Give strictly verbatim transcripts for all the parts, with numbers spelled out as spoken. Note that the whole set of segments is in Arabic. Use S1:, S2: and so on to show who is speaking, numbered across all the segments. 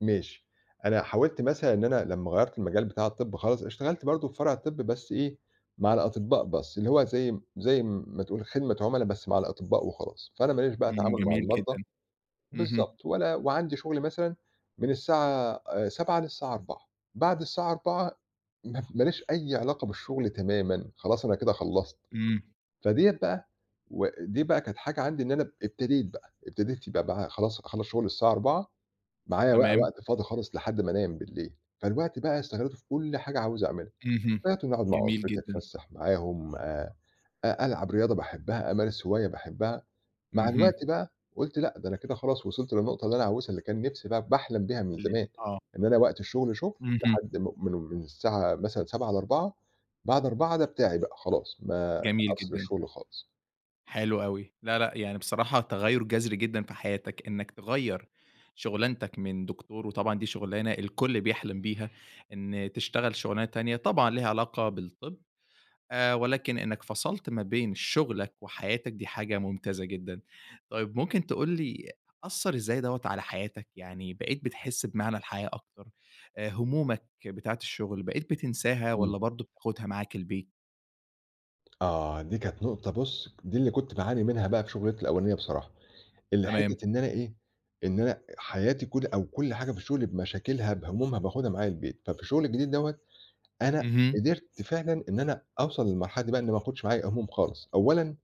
S1: ماشي. أنا حاولت مثلًا إن أنا لمّا غيرّت المجال بتاع الطِب خالص، اشتغلت برضه في فرع الطِب بس إيه، مع الأطِبّاء بس اللي هو زي زي م ما تقول خدمة عُملا بس مع الأطِبّاء وخلاص، فأنا ماليش بقى
S2: إمم،
S1: تعامل مع
S2: جميل جدًا.
S1: المرضى
S2: اهم.
S1: بالضبط. ولا وعندي شُغل مثلًا من الساعة آآ سبعة للساعة أربعة، بعد الساعة أربعة م ماليش أي علاقة بالشُغل تمامًا، خلاص أنا كده خلّصت.
S2: إمم.
S1: فديّة بقى و دي بقى كانت حاجة عندي إن أنا اب ابتديت بقى، ابتديت يبقى بقى خلاص أخلّص شُغل الساعة أربعة معايا وقى
S2: تمام.
S1: وقت فاضي خالص لحد ما أنام بليل، فالوقت بقى استغلِّيته في كل حاجة عاوز أعملها.
S2: اهم،
S1: بقيت إن أقعُد مع
S2: جميل
S1: أسرتي
S2: جدًا.
S1: أتفسَّح معاهم، آآ أ ألعب رياضة باحبّها، أمارس هواية باحبّها. مع الوقت
S2: اهم.
S1: بقى، قُلت لأ، ده أنا كده خلاص وصِلت للنُقطة اللي أنا عاوزها اللي كان نِفْسي ب باحلم بيها من
S2: اللي
S1: زمان،
S2: آه.
S1: إن أنا وقت الشُغل شُغل
S2: اهم.
S1: لحد م من من الساعة مثلًا سبعة لأربعة، بعد أربعة ده بتاعي بقى خلاص، ما
S2: جميل
S1: أفصِل
S2: جدًا.
S1: الشُغل خالص.
S2: حلو أوي. لأ، لأ، يعني بصراحة تغيُّر جَذري جدًا في حياتك، إنّك تغيَّر شُغلانتك من دكتور وطبعًا دي شُغلانة الكل بيحلم بيها، إن تشتغل شُغلانة تانية طبعًا ليها علاقة بالطِب، آآ ولكن إنّك فصَلت ما بين شُغلك وحياتك، دي حاجة ممتازة جدًا. طيب ممكن تقول لي أثّر إزاي دوّة على حياتك؟ يعني بقيت بتحِس بمعنى الحياة أكتر؟ آآ هُمومك بتاعة الشُغل، بقيت بتنساها
S1: إمم.
S2: والّا برضه بتاخُدها معاك البيت؟
S1: آه، دي كانت نُقطة بُص، دي اللي كنت باعاني منها بقى في شُغلانتي الأولانية بصراحة. اللي
S2: تمام.
S1: حتّة إن أنا إيه، إن أنا حياتي كُل أو كُل حاجة في الشُغل بمشاكلها بهُمومها باخُدها معايا البيت. ففي الشُغل الجديد دوّة، أنا
S2: اهم.
S1: قدرت فعلًا إن أنا أوصَل للمرحلة دي بقى إنّي ما آخُدش معايا هُموم خالص. أولًا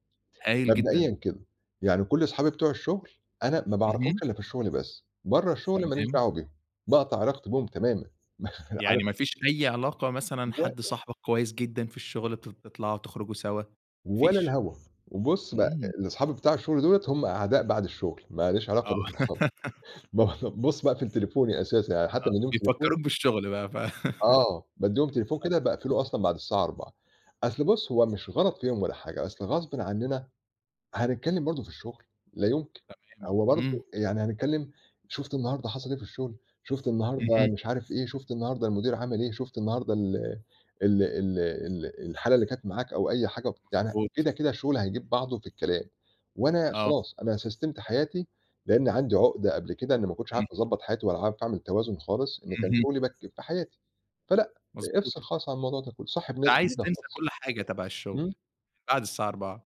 S2: هايل جدًا.
S1: مبدئيًا كده، يعني كل صحابي بتوع الشُغل، أنا ما باعرفهمش
S2: اهم.
S1: إلّا في الشُغل بس، برّه الشُغل ماليش
S2: تمام.
S1: دعوة بيهم، باقطع علاقتي بيهم تمامًا. عار
S2: يعني ما فيش أي علاقة مثلًا حد
S1: ووقت
S2: صاحبك كويس جدًا في الشُغل تط تطلعوا تخرجوا سوا، ما
S1: ولا
S2: فيش؟
S1: الهوا، وبُص بقى
S2: إمم.
S1: لصحابي بتاع الشُغل دُولة هم أعداء بعد الشُغل، ماليش علاقة
S2: آه.
S1: بيهم خالص. ما ب بُص باقفل تليفوني أساسًا، يعني
S2: آه،
S1: حتّى بادّيهم تليفون
S2: بيفكّروك بالشُغل بقى ف
S1: آه، بادّيهم تليفون
S2: [unintelligible]
S1: كده باقفله أصلًا بعد الساعة أربعة. أصل بُص هو مش غلط فيهم ولا حاجة، أصل غصبٍ عنّنا هنتكلِّم برضه في الشُغل، لا يمكن.
S2: تمام،
S1: هو برضه
S2: إمم.
S1: يعني هنتكلِّم، شُفت النهاردة حصل إيه في الشُغل؟ شُفت النهاردة
S2: اهم.
S1: مش عارف إيه؟ شُفت النهاردة المدير عمل إيه؟ شُفت النهاردة ال ال ال ال الحالة اللي كانت معاك أو أي حاجة يعني
S2: مضبوط.
S1: كده، كده الشُغل هيجيب بعضه في الكلام وأنا
S2: آه.
S1: خلاص أنا سَسْتِمت حياتي، لإنّي عندي عُقدة قبل كده إنّي ما كنتش عارف
S2: امم.
S1: أضبّط حياتي ولا عارف أعمل توازن خالص، لإن كان
S2: اهم.
S1: شُغلي بك في حياتي. فلأ، افصِل
S2: مضبوط.
S1: خالص عن الموضوع ده كُله صاحب
S2: فأنت
S1: ناس
S2: عايز
S1: جديدة
S2: تنسى
S1: خالص.
S2: كل حاجة تبع الشُغل
S1: إمم.
S2: من بعد الساعة أربعة.